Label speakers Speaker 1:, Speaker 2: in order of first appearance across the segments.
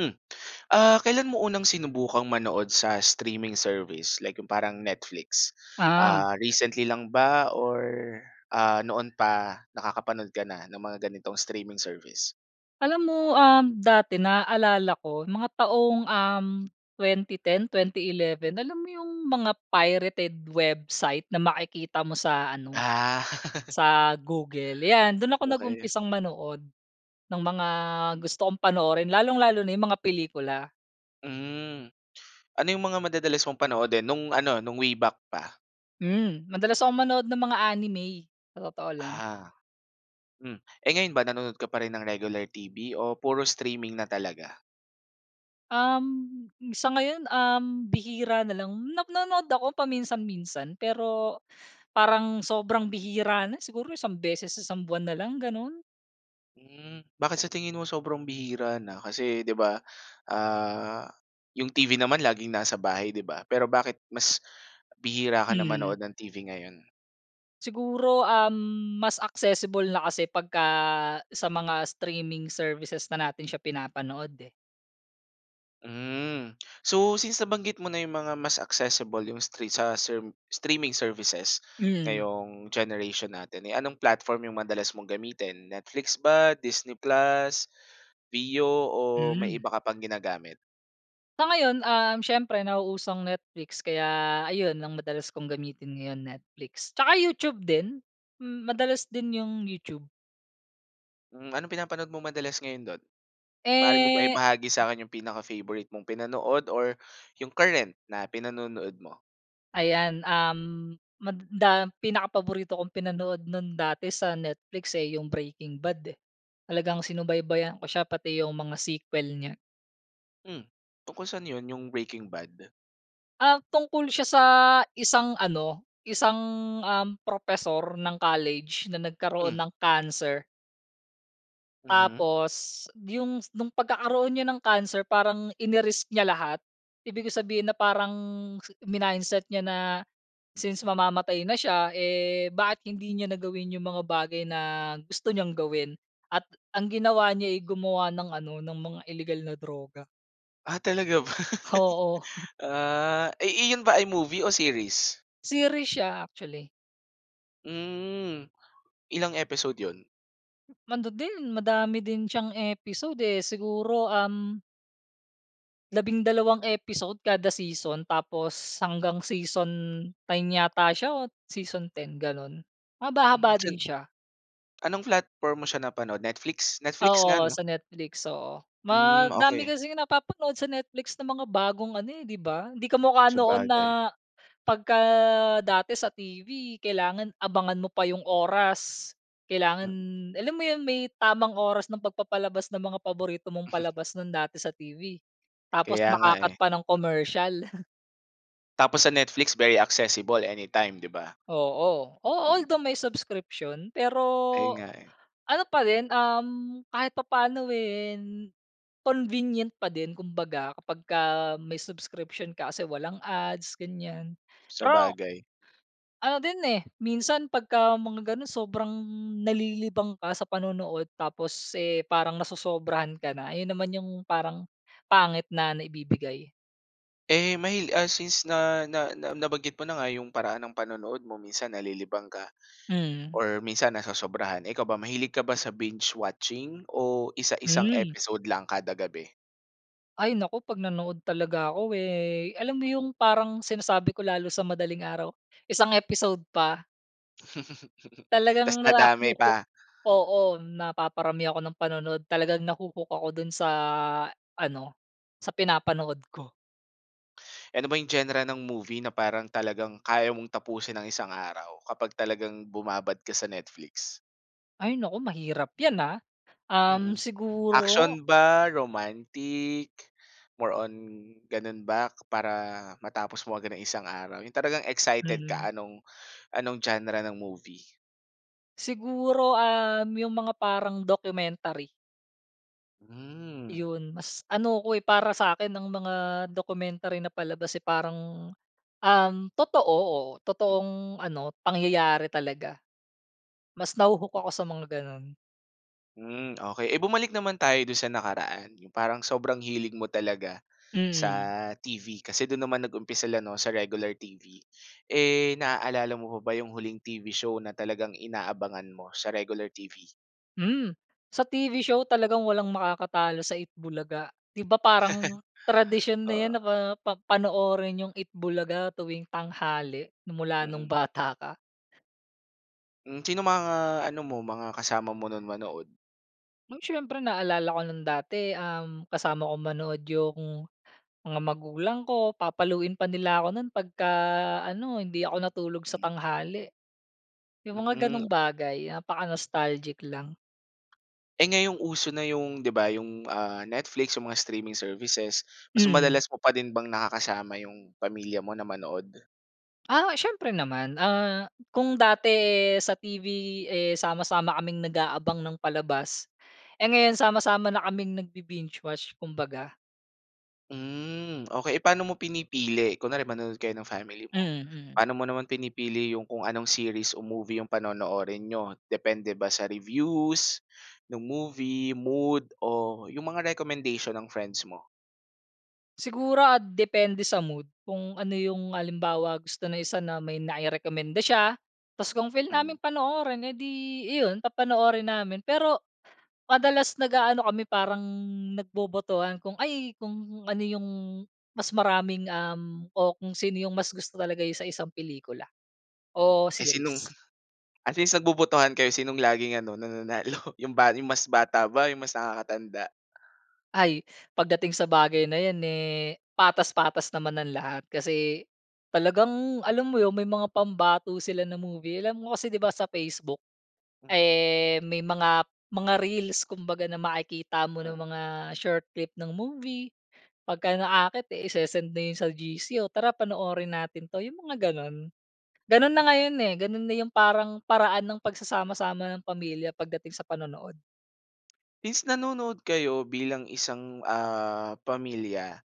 Speaker 1: Hmm, ah, kailan mo unang sinubukang manood sa streaming service like yung parang Netflix,
Speaker 2: Ah.
Speaker 1: ah, recently lang ba or, ah, noon pa nakakapanood ka na ng mga ganitong streaming service?
Speaker 2: Alam mo, um, dati naaalala ko mga taong, um, 2010, 2011 Alam mo yung mga pirated website na makikita mo sa ano,
Speaker 1: Ah.
Speaker 2: sa Google, yan, dun ako
Speaker 1: Okey.
Speaker 2: nag-umpisang manood ng mga gusto kong panoorin lalong-lalo na yung mga pelikula.
Speaker 1: Hmm, ano yung mga madadalas mong panoodin nung ano, nung way back pa?
Speaker 2: Hmm, madalas akong manood ng mga anime, sa totoo lang.
Speaker 1: Aha. Hmm, eh ngayon ba, nanood ka pa rin ng regular TV o puro streaming na talaga?
Speaker 2: Um, sa ngayon, um, bihira na lang. Nap nanonood ako paminsan-minsan, pero parang sobrang bihira na, siguro isang beses isang buwan na lang, ganun.
Speaker 1: Hmm, bakit sa tingin mo sobrang bihira na kasi 'di ba, ah, yung TV naman laging nasa bahay, 'di ba, pero bakit mas bihira ka na
Speaker 2: Hmm.
Speaker 1: manood ng TV ngayon?
Speaker 2: Siguro, um, mas accessible na kasi pagka sa mga streaming services na natin siya pinapanood eh.
Speaker 1: Hmm. So, since nabanggit mo na yung mga mas accessible, yung stre sa serm streaming services
Speaker 2: Mhm.
Speaker 1: ngayong generation natin, eh anong platform yung madalas mong gamitin, Netflix ba, Disney Plus, Viu o may
Speaker 2: Mhm.
Speaker 1: iba ka pang ginagamit?
Speaker 2: Sa ngayon, um, siyempre nauuso ang Netflix kaya ayun ang madalas kong gamitin ngayon, Netflix, tsaka YouTube din. Hmm, madalas din yung YouTube.
Speaker 1: Hmm, anong pinapanood mo madalas ngayon do'n? Maari mo ba
Speaker 2: Eh.
Speaker 1: ibahagi sa'kin yung pinaka-favorite mong pinanood or yung current na pinanonood mo?
Speaker 2: Ayan, um, mada pinakapaborito kong pinanood no'n dati sa Netflix eh, yung Breaking Bad eh. Talagang sinubaybayan ko siya pati yung mga sequel niya.
Speaker 1: Hmm. Tungkol saan yun yung Breaking Bad?
Speaker 2: Ah, tungkol siya sa isang ano, isang, um, propesor ng college na nagkaroon
Speaker 1: Hmm.
Speaker 2: ng cancer.
Speaker 1: Mhm.
Speaker 2: Tapos yung nung pagkakaroon niya ng cancer parang ini-risk niya lahat. Ibig ko sabihin, na parang minindset niya na since mamamatay na siya, eh, bakit hindi niya na gawin yung mga bagay na gusto niyang gawin. At ang ginawa niya'y gumawa ng ano, ng mga ilegal na droga.
Speaker 1: Ah, talaga ba?
Speaker 2: Oo.
Speaker 1: Ah, i iyon ba ay movie o series?
Speaker 2: Series siya actually.
Speaker 1: Mm, ilang episode 'yon?
Speaker 2: Ano din, madami din siyang episode eh. Siguro um 12 episode kada season tapos hanggang season 9 yata siya o season 10, ganun.
Speaker 1: M
Speaker 2: Mahaba-haba din
Speaker 1: minsan
Speaker 2: siya.
Speaker 1: Anong platform mo siya napanood, Netflix? Netflix nga
Speaker 2: Oo,
Speaker 1: 'no?
Speaker 2: sa Netflix, oo.
Speaker 1: Hmm
Speaker 2: Madami
Speaker 1: okey.
Speaker 2: kasing napapanood sa Netflix na mga bagong ano eh, 'di ba? Hindi kamu ka noon na
Speaker 1: Sabagay.
Speaker 2: pagka dati sa TV kailangan abangan mo pa yung oras. Kailangan
Speaker 1: Mm.
Speaker 2: alam mo yun, may tamang oras ng pagpapalabas ng mga paborito mong palabas nun dati sa TV tapos
Speaker 1: Kaya nga eh.
Speaker 2: maka-cut pa ng commercial.
Speaker 1: Tapos sa Netflix very accessible anytime di ba?
Speaker 2: Oo, a
Speaker 1: Mm.
Speaker 2: although may subscription pero
Speaker 1: Ayun nga, eh.
Speaker 2: ano pa din. Um, kahit papaano, eh, convenient pa din, kumbaga kapag ka may subscription ka kasi walang ads ganyan. Pero
Speaker 1: Sabagay.
Speaker 2: ano din eh, minsan pagka mga ganun sobrang nalilibang ka sa panonood. Tapos, eh, parang nasosobrahan ka na. Yun naman yung parang pangit na naibibigay.
Speaker 1: Eh, mahil ah, since na na na nabanggit mo na nga yung paraan ng panonood mo, minsan nalilibang ka
Speaker 2: Mm.
Speaker 1: or minsan nasosobrahan. Eh, ikaw ba, mahilig ka ba sa binge watching o isa isang
Speaker 2: Mm.
Speaker 1: episode lang kada gabi?
Speaker 2: Ay naku, pag nanood talaga ako eh, alam mo yung parang sinasabi ko lalo sa madaling araw, isang episode pa. Talagang
Speaker 1: Ta's
Speaker 2: nara
Speaker 1: dadami
Speaker 2: ho-hook
Speaker 1: pa.
Speaker 2: oo, napaparami ako ng panood. Talagang na ho-hook ako dun sa ano, sa pinapanood ko.
Speaker 1: Eh, ano ba yung genre ng movie na parang talagang kaya mong tapusin nang isang araw kapag talagang bumabad ka sa Netflix?
Speaker 2: Ay naku, mahirap yan ah. Um,
Speaker 1: Mm.
Speaker 2: siguro
Speaker 1: Action ba, romantic, more on ganun ba para matapos mo agad nang isang araw, yung talagang excited
Speaker 2: Mm.
Speaker 1: ka anong anong genre ng movie?
Speaker 2: Siguro, um, yung mga parang documentary.
Speaker 1: Hmm.
Speaker 2: Iyon, mas ano ko eh, para sa akin ang mga documentary na palabas eh, parang, um, totoo,
Speaker 1: Mm.
Speaker 2: totoong ano, pangyayari talaga. Mas naho-hook ako sa mga ganun.
Speaker 1: Hmm, okey. Eh bumalik naman tayo do'n sa nakaraan, yung parang sobrang hilig mo talaga sa
Speaker 2: Mm.
Speaker 1: TV, kasi do'n naman nag-umpisa la 'no, sa regular TV? Eh, naalala mo pa ba yung huling TV show na talagang inaabangan mo sa regular TV?
Speaker 2: Hmm. Sa TV show talagang walang makakatalo sa Eat Bulaga. 'Di ba, parang tradisyon na
Speaker 1: Oo.
Speaker 2: yan na pa pa panoorin yung Eat Bulaga tuwing tanghali nung mula nung
Speaker 1: Mm.
Speaker 2: bata ka.
Speaker 1: Hmm, sinong mga ano mo, mga kasama mo nun manood?
Speaker 2: Oh, siyempre naalala ko nung dati, um, kasama ko manood yung mga magulang ko. Papaluin pa nila ako nun pagka ano, hindi ako natulog sa
Speaker 1: Hmm.
Speaker 2: tanghali. Yung mga
Speaker 1: Hmm.
Speaker 2: gano'ng bagay, napaka-nostalgic lang.
Speaker 1: Eh, ngayong uso na yung di ba yung, ah, Netflix o mga streaming services. Mas
Speaker 2: Mhm.
Speaker 1: madalas mo pa din bang nakakasama yung pamilya mo na manood?
Speaker 2: Ah, siyempre naman. Ah, kung dati sa TV, eh, sama-sama kaming nag-aabang ng palabas. Eh, ngayon sama-sama na kaming nagbi-binge watch kumbaga.
Speaker 1: Hmm, okey. Eh, paano mo pinipili? Kunwari manonood kayo ng family mo,
Speaker 2: Mm, mm.
Speaker 1: paano mo naman pinipili yung kung anong series o movie yung panonoorin niyo? Depende ba sa reviews nung movie, mood, o yung mga recommendation ng friends mo?
Speaker 2: Siguro ah, depende sa mood kung ano yung halimbawa gusto ng isa na may nairekomenda siya. Tapos kung feel naming
Speaker 1: Mhm.
Speaker 2: panoorin eh di iyon, papanoorin namin. Pero madalas nag-aano kami parang nagbobotohan kung ay, kung ano yung mas maraming, um, o kung sino yung mas gusto talaga sa isang pelikula, o
Speaker 1: Eh, sinong
Speaker 2: series.
Speaker 1: at least nagbobotohan kayo sinong laging ano, nananalo, yung ba yung mas bata ba, yung mas nakakatanda?
Speaker 2: Ay, pagdating sa bagay na yan, eh, patas-patas naman ang lahat kasi talagang, alam mo 'yon, may mga pambato sila na movie. Alam mo kasi 'di ba sa Facebook,
Speaker 1: Mm.
Speaker 2: eh, may mga mga reels kumbaga na makikita mo ng
Speaker 1: Mm.
Speaker 2: mga short clip ng movie. Pagka naakit isesend na 'yon sa GC, "O, tara panoorin natin 'to," yung mga gano'n. Gano'n
Speaker 1: Hmm.
Speaker 2: na ngayon, eh. Ganun na yung parang paraan ng pagsasama-sama ng pamilya pagdating sa panonood.
Speaker 1: Is nanonood kayo bilang isang, ah, pamilya.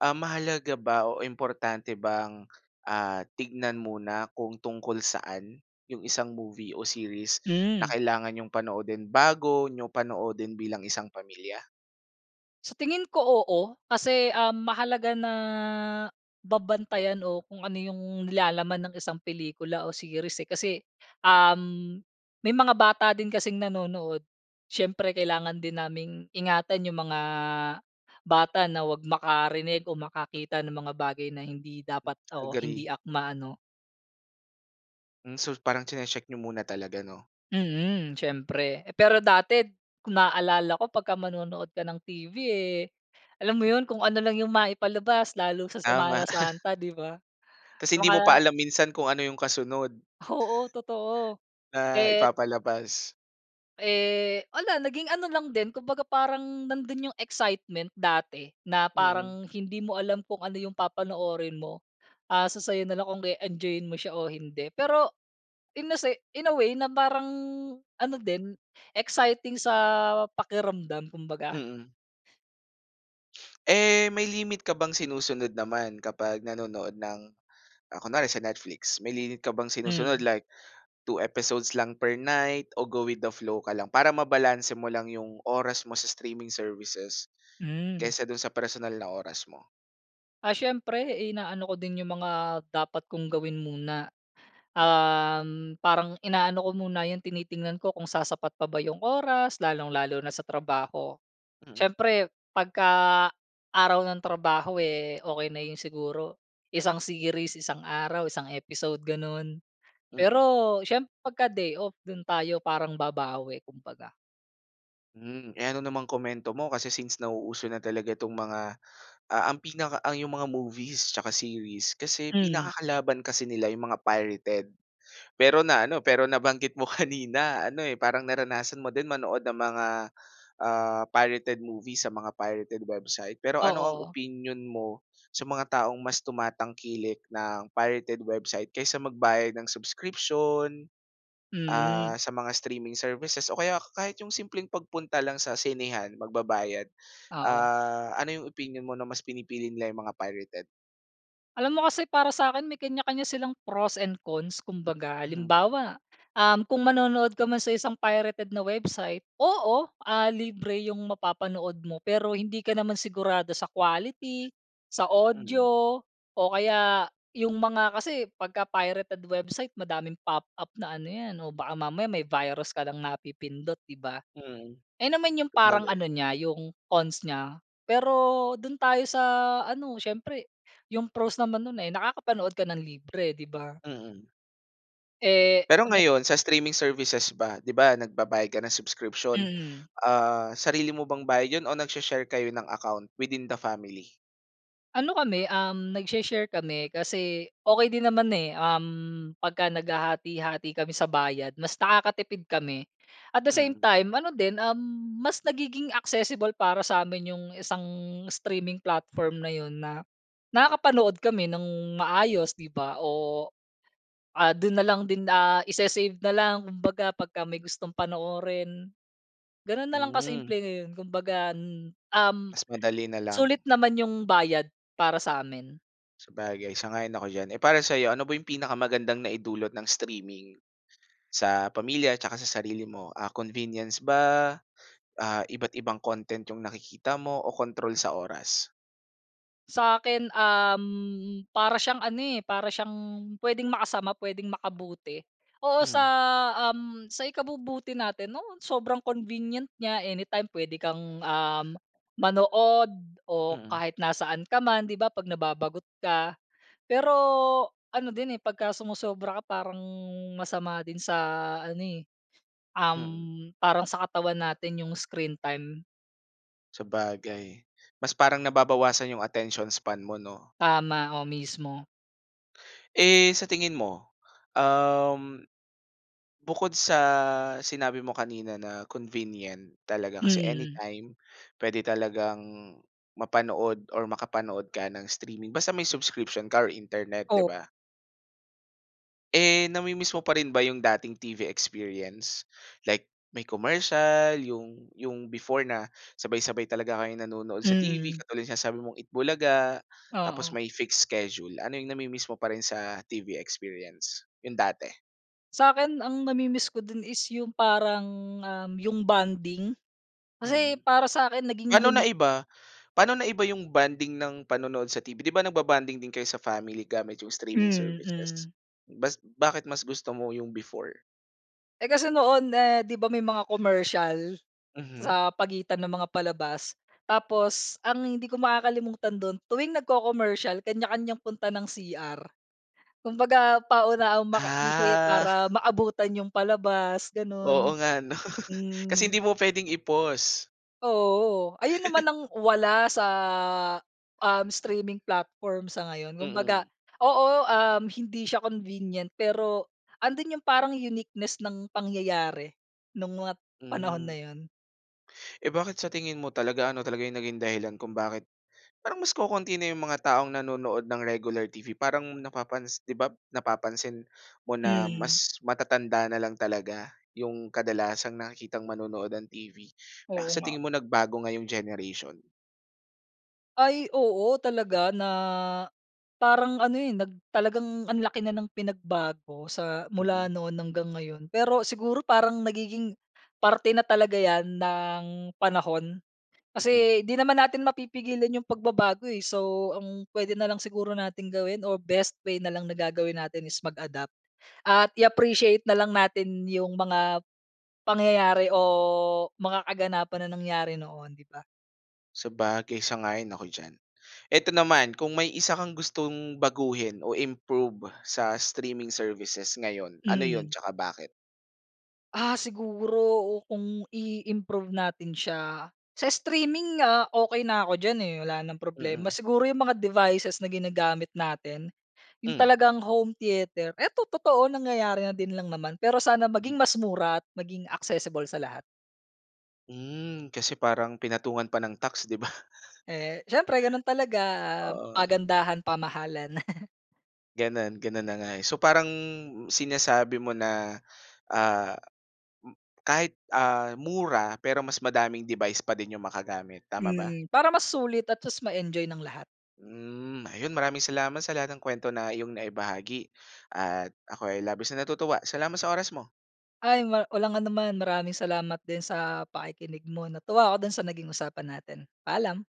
Speaker 1: Ah, mahalaga ba o importante bang, ah, tignan muna kung tungkol saan yung isang movie o series na
Speaker 2: Mm.
Speaker 1: kailangan niyong panoodin bago niyo panoodin bilang isang pamilya?
Speaker 2: Sa tingin ko, oo. Kasi, um, mahalaga na babantayan o kung ano yung nilalaman ng isang pelikula o series eh. Kasi, um, may mga bata din kasing nanonood. Syempre kailangan din naming ingatan yung mga bata na wag makarinig o makakita ng mga bagay na hindi dapat o hindi
Speaker 1: Agree.
Speaker 2: akma ano.
Speaker 1: Mm, so, parang chine-check n'yo muna talaga, 'no?
Speaker 2: Mm, siyempre. Pero dati kung naalala ko pagka manonood ka ng TV eh, alam mo 'yon, kung ano lang yung maipalabas lalo sa Semana
Speaker 1: Tama.
Speaker 2: Santa, 'di ba?
Speaker 1: Kasi
Speaker 2: O
Speaker 1: hindi mo pa
Speaker 2: kaya
Speaker 1: alam minsan kung ano yung kasunod
Speaker 2: Oo, totoo.
Speaker 1: na
Speaker 2: Et
Speaker 1: ipapalabas.
Speaker 2: Eh, wala, naging ano lang din. Kumbaga, parang nandun yung excitement dati na
Speaker 1: Mm.
Speaker 2: parang hindi mo alam kung ano yung papanoorin mo. Asa sa'yo nalang kung e-enjoyin mo siya o hindi. Pero, in a se in a way na parang ano din, exciting sa pakiramdam kumbaga.
Speaker 1: Mm. Eh, may limit ka bang sinusunod naman kapag nanonood ng, ah kunwari sa Netflix. May limit ka bang sinusunod
Speaker 2: Hmm.
Speaker 1: like 2 episodes lang per night o go with the flow ka lang para mabalanse mo lang yung oras mo sa streaming services
Speaker 2: Hmm.
Speaker 1: kaysa dun sa personal na oras mo?
Speaker 2: Ah, siyempre inaano ko din 'yong mga dapat kong gawin muna,
Speaker 1: Hmm.
Speaker 2: um, parang inaano ko muna, 'yong tinitingnan ko kung sasapat pa ba 'yong oras lalong-lalo na sa trabaho.
Speaker 1: Mm.
Speaker 2: Siyempre 'pagka araw ng trabaho eh, okey na 'yon siguro, isang series, isang araw, isang episode, gano'n.
Speaker 1: Mm.
Speaker 2: Pero siyempre pagka-day off, do'n tayo parang babawi kumbaga.
Speaker 1: Hmm. Eh, ano namang komento mo kasi since nauuso na talaga 'tong mga, ah ang pinaka ang yung mga movies tsaka series. Kasi
Speaker 2: Hmm.
Speaker 1: pinakakalaban kasi nila yung mga pirated. Pero naano, pero nabanggit mo kanina ano, eh, parang naranasan mo din manood ng mga, ah, pirated movies sa mga pirated website. Pero ano ang
Speaker 2: Oo.
Speaker 1: opinyon mo sa mga taong mas tumatangkilik ng pirated website kaysa magbayad ng subscription, ah,
Speaker 2: Mm.
Speaker 1: sa mga streaming services o kaya kahit yung simpleng pagpunta lang sa sinehan, magbabayad.
Speaker 2: Oo.
Speaker 1: Ah, ano yung opinyon mo na mas pinipili nila yung mga pirated?
Speaker 2: Alam mo kasi para sa'kin, may kanya-kanya silang pros and cons, kumbaga.
Speaker 1: Mhm.
Speaker 2: Halimbawa, um, kung manonood ka man sa isang pirated na website. Oo, ah, libre 'yong mapapanood mo. Pero hindi ka naman sigurado sa quality, sa
Speaker 1: Mhm.
Speaker 2: audio, o kaya 'yong mga kasi pagka pirated website, madaming pop-up na ano 'yan o baka mamaya may virus ka ng napipindot, 'di ba?
Speaker 1: Mm.
Speaker 2: Ayun naman 'yong parang
Speaker 1: Sabagay.
Speaker 2: ano niya, 'yong cons niya. Pero do'n tayo sa ano, siyempre 'yong pros naman no'n, eh, nakakapanood ka ng libre, 'di ba?
Speaker 1: Mm.
Speaker 2: Eh,
Speaker 1: Pero
Speaker 2: o bet
Speaker 1: ngayon sa streaming services ba? 'Di ba, nagbabayad ka ng subscription.
Speaker 2: Mm.
Speaker 1: Ah, sarili mo bang bayad 'yon o nagsha-share kayo ng account within the family?
Speaker 2: Ano kami um, nagsha-share kami. Kasi okey din naman, eh. Um, pagka naghahati-hati kami sa bayad, mas nakakatipid kami. At the same
Speaker 1: Mm.
Speaker 2: time, ano din, um, mas nagiging accessible para sa amin 'yong isang streaming platform na 'yon na nakakapanood kami ng maayos, 'di ba? O, ah, do'n na lang din, ah isa-save na lang. Kumbaga pagka may gustong panoorin, gano'n na lang
Speaker 1: Hmm.
Speaker 2: kasimple ngayon. Kumbaga n um,
Speaker 1: Mas madali na lang.
Speaker 2: sulit naman 'yong bayad para sa'min.
Speaker 1: Sabagay, sang-ayon ako diyan. Eh, para sa 'yo ano ba 'yong pinakamagandang naidulot ng streaming sa pamilya at tsaka sa sarili mo, ah, convenience ba, ah, iba't ibang content 'yong nakikita mo o control sa oras?
Speaker 2: Sa'kin, uhm, para siyang ano eh, para siyang puwedeng makasama, puwedeng makabuti. Oo sa,
Speaker 1: Mm.
Speaker 2: uhm, sa ikabubuti natin, oo sobrang convenient niya anytime puwede kang, uhm, manood o
Speaker 1: Mm.
Speaker 2: kahit nasaan ka man, 'di ba 'pag nababagot ka. Pero, ano din eh, pag sumosobra ka parang masama din sa ano eh,
Speaker 1: Mm.
Speaker 2: uhm, parang sa katawan natin 'yong screen time.
Speaker 1: Sabagay, mas parang nababawasan 'yong attention span mo 'no?
Speaker 2: Tama, o mismo.
Speaker 1: Eh, sa tingin mo, uhm, bukod sa sinabi mo kanina na convenient talaga, kasi
Speaker 2: Mhm.
Speaker 1: anytime puwede talagang mapanood or makapanood ka ng streaming basta may subscription ka or internet, 'di
Speaker 2: Oo.
Speaker 1: ba? Eh, nami-miss mo pa rin ba yung dating TV experience, like may commercial yung yung before na sabay-sabay talaga kayo nanonood sa TV,
Speaker 2: Mm.
Speaker 1: katulad yung sinasabi mong Eat Bulaga, tapos
Speaker 2: Oo.
Speaker 1: may fixed schedule. Ano yung nami-miss mo pa rin sa TV experience, yung dati?
Speaker 2: Sa'kin ang nami-miss ko din is yung parang, um, yung bonding. Kasi
Speaker 1: Mm,
Speaker 2: para sa'kin naging
Speaker 1: paano
Speaker 2: unique.
Speaker 1: naiba paano naiba yung bonding ng panonood sa TV. Di ba nagbo-bonding din kayo sa family gamit yung streaming services?
Speaker 2: Mm.
Speaker 1: Bas bakit mas gusto mo yung before?
Speaker 2: Eh kasi noon eh, 'di ba may mga commercial
Speaker 1: Mhm.
Speaker 2: sa pagitan ng mga palabas. Tapos ang hindi ko makakalimutan dun, tuwing nagco-commercial, kanya-kanyang punta ng CR. Kumbaga, paunahan makaihi
Speaker 1: Ah.
Speaker 2: para maabutan yung palabas.
Speaker 1: Oo
Speaker 2: Gano'n.
Speaker 1: nga, 'no? Kasi
Speaker 2: Hmm.
Speaker 1: hindi mo pwedeng i-pause.
Speaker 2: Oo, ayun naman ang wala sa, um, streaming platform sa ngayon. Kumbaga
Speaker 1: Mm.
Speaker 2: oo, um, hindi siya convenient. Pero andun yung parang uniqueness ng pangyayari nung mga panahon
Speaker 1: Mhm.
Speaker 2: na yun.
Speaker 1: Eh bakit sa tingin mo talaga, ano talaga yung naging dahilan kung bakit parang mas kokonti na yung mga taong nanonood ng regular TV? Parang napapansi 'di ba, napapansin mo na
Speaker 2: Hmm.
Speaker 1: mas matatanda nalang talaga yung kadalasang nakikitang manonood ng TV. Ah,
Speaker 2: Oo
Speaker 1: sa
Speaker 2: nga.
Speaker 1: tingin mo, nagbago ngayong generation?
Speaker 2: Ay, oo, talaga na, parang ano eh, nag talagang ang laki na ng pinagbago sa mula
Speaker 1: Mm.
Speaker 2: noon hanggang ngayon. Pero siguro parang nagiging parte na talaga yan ng panahon
Speaker 1: Mhm.
Speaker 2: kasi 'di naman natin mapipigilan yung pagbabago eh. So, ang pwede na lang siguro natin gawin or best way na lang na gagawin natin is mag-adapt at i-appreciate na lang natin yung mga pangyayari o mga kaganapan na nangyari noon, 'di ba?
Speaker 1: Sabagay, sang-ayon ako diyan. Ito naman, kung may isa kang gustong baguhin o i-improve sa streaming services ngayon, ano yun
Speaker 2: Mm.
Speaker 1: tsaka bakit?
Speaker 2: Ah, siguro o kung i-improve natin siya, sa streaming, ah, okey na ako diyan eh, wala ng problema.
Speaker 1: Mm.
Speaker 2: Siguro yung mga devices na ginagamit natin, yung
Speaker 1: Hmm.
Speaker 2: talagang home theater. Ito totoo, nangyayari na din lang naman. Pero sana maging mas mura at maging accessible sa lahat.
Speaker 1: Hmm, kasi parang pinatungan pa ng tax, di ba?
Speaker 2: Eh, siyempre ganun talaga, ah,
Speaker 1: Oo.
Speaker 2: pagandahan, pamahalan.
Speaker 1: Ganun ganun na nga eh. So, parang sinasabi mo na, ah, kahit, ah, mura pero mas madaming device pa din yung magagamit, tama ba?
Speaker 2: Mm, para mas sulit at tapos ma-enjoy ng lahat.
Speaker 1: Hmm, ayun, maraming salamat sa lahat ng kuwento na iyong naibahagi, at ako ay labis na natutuwa. Salamat sa oras mo.
Speaker 2: Ay, wa walang anuman. Maraming salamat din sa pakikinig mo, 'no? Natuwa ako dun sa naging usapan natin. Paalam.